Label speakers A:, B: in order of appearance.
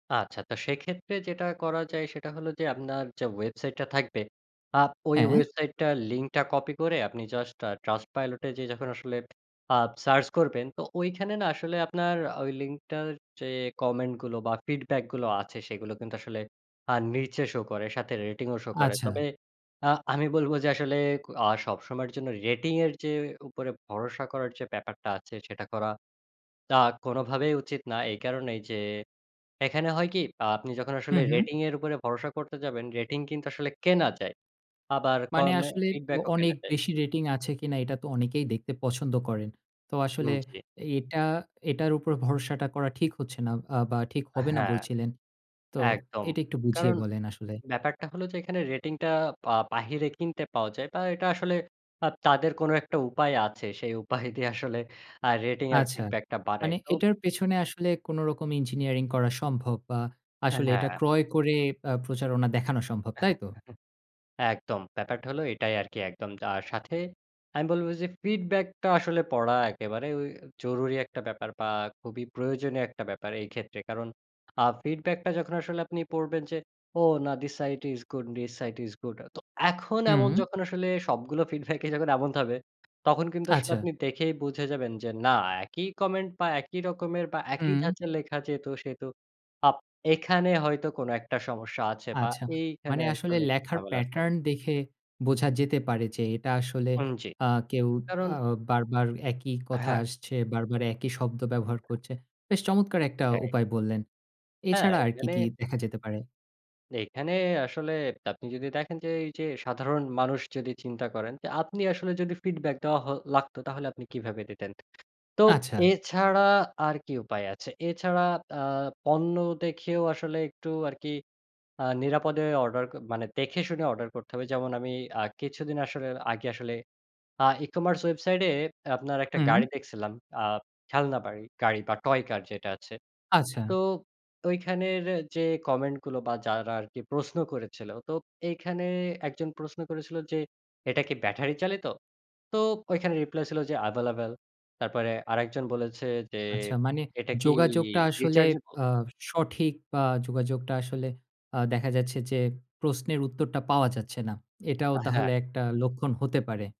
A: আচ্ছা। তো সেক্ষেত্রে যেটা করা যায় সেটা হলো যে, আপনার যে, ওয়েবসাইটটা থাকবে আপ ওই
B: হ্যাঁ।
A: ওয়েবসাইটটার লিঙ্কটা কপি করে আপনি জাস্ট আ Trustpilot এ যেয়ে যখন আসলে আপ সার্চ করবেন তো ওইখানে না আসলে আপনার আ ওই লিঙ্কটার যে, কমেন্টগুলো বা ফিডব্যাকগুলো আছে সেগুলো কিন্তু আসলে আ নীচে শো করে সাথে রেটিংও শো করে
B: আচ্ছা।
A: তবে আ আমি বলব যে, আসলে ক আ সবসময়ের জন্য রেটিংয়ের যে, উপরে ভরসা করার যে, ব্যাপারটা আছে সেটা করা তা কোনোভাবেই উচিত না। এই কারণেই যে, এখানে হয় কি, আ আপনি যখন
B: হু,
A: আসলে
B: হুম।
A: রেটিং এর উপরে ভরসা করতে যাবেন, রেটিং কিন্তু আসলে কেনা যায়। আবার
B: মানে
A: কমে
B: আসলে অ
A: ফিডব্যাক ও কেনা
B: অনেক
A: যায়।
B: বেশি রেটিং আছে কিনা এটা তো অনেকেই দেখতে পছন্দ করেন। তো আসলে
A: উম জি।
B: এটা এটার উপর ভরসাটা করা ঠিক হচ্ছে না আ বা ঠিক হবে না
A: হ্যাঁ।
B: বলছিলেন। তো
A: একদম।
B: এটা একটু বুঝিয়ে
A: কারণ
B: বলেন আসলে।
A: ব্যাপারটা হলো যে, এখানে রেটিংটা আ বাহিরে কিনতে পাওয়া যায়। বা এটা আসলে আপ তাদের কোনো একটা উপায় আছে। সেই উপায় দিয়ে আসলে আ রেটিং আর
B: আচ্ছা।
A: ফিডব্যাক টা বাড়ায়।
B: মানে
A: তো
B: এটার পেছনে আসলে কোন রকম ইঞ্জিনিয়ারিং করা সম্ভব বা
A: অ্যা
B: আসলে এটা
A: হ্যাঁ।
B: ক্রয় করে আব প্রচারণা দেখানো সম্ভব, তাইতো?
A: একদম। ব্যাপারটা হলো এটাই আরকি একদম। আ সাথে আমি বলবো যে, feedback টা আসলে পড়া একেবারে ওই জরুরি একটা ব্যাপার বা খুবই প্রয়োজনীয় একটা ব্যাপার এই ক্ষেত্রে। কারণ আ feedback টা যখন আসলে আপনি পড়বেন যে, ও না this side is good, this side is good. তো এখন এমন
B: হুম।
A: যখন আসলে সবগুলো feedback ই যখন এমন ত হবে তখন কিন্তু আসলে
B: আচ্ছা।
A: আপনি দেখেই বুঝে যাবেন যে, না একই কমেন্ট বা একই রকমের বা একই
B: উম
A: ধাঁচে লেখা যেহেতু, সেহেতু আব এখানে হয়তো কোনো একটা সমস্যা আছে বা
B: আচ্ছা।
A: এইখানে
B: মানে আসলে
A: আসলে
B: লেখার
A: ঝামেলা আছে।
B: প্যাটার্ন দেখে বোঝা যেতে পারে যে, এটা আসলে
A: উম জি।
B: আ কেউ
A: কারণ
B: আ বারবার একই কথা
A: হ্যাঁ।
B: আসছে, বারবার একই শব্দ ব্যবহার করছে। বেশ চমৎকার একটা
A: সেটাই।
B: উপায় বললেন।
A: হ্যাঁ,
B: এছাড়া আর কি,
A: এখানে
B: কি দেখা যেতে পারে?
A: এখানে আসলে আপনি যদি দেখেন, যে, এই যে, সাধারণ মানুষ যদি চিন্তা করেন। যে, আপনি আসলে যদি feedback দেওয়া হ লাগতো তাহলে আপনি কিভাবে দিতেন। তো
B: আচ্ছা।
A: এছাড়া আর কি উপায় আছে? এছাড়া আ পণ্য দেখেও আসলে একটু আরকি আ নিরাপদে অর্ডার ক মানে দেখে শুনে অর্ডার করতে হবে। যেমন আমি আ কিছুদিন আসলে আগে আসলে আ ই-কমার্স ওয়েবসাইট এ আপনার একটা গাড়ি
B: উম
A: দেখছিলাম। আ খেলনা বাড়ি, গাড়ি বা টয় কার যেটা আছে।
B: আচ্ছা।
A: তো ঐখানের যে, কমেন্ট গুলো বা যারা আর কি প্রশ্ন করেছিল। তো এইখানে একজন প্রশ্ন করেছিল যে, এটা কি ব্যাটারি চালিত? তো ঐখানে রিপ্লাই ছিল যে, available তারপরে আরেকজন বলেছে যে,
B: আচ্ছা মানে
A: এটা কি
B: যোগাযোগটা আসলে
A: rechargeable
B: আ সঠিক বা যোগাযোগটা আসলে আ দেখা যাচ্ছে যে, প্রশ্নের উত্তরটা পাওয়া যাচ্ছে না। এটাও
A: আ
B: তাহলে
A: হ্যাঁ।
B: একটা লক্ষণ হতে পারে।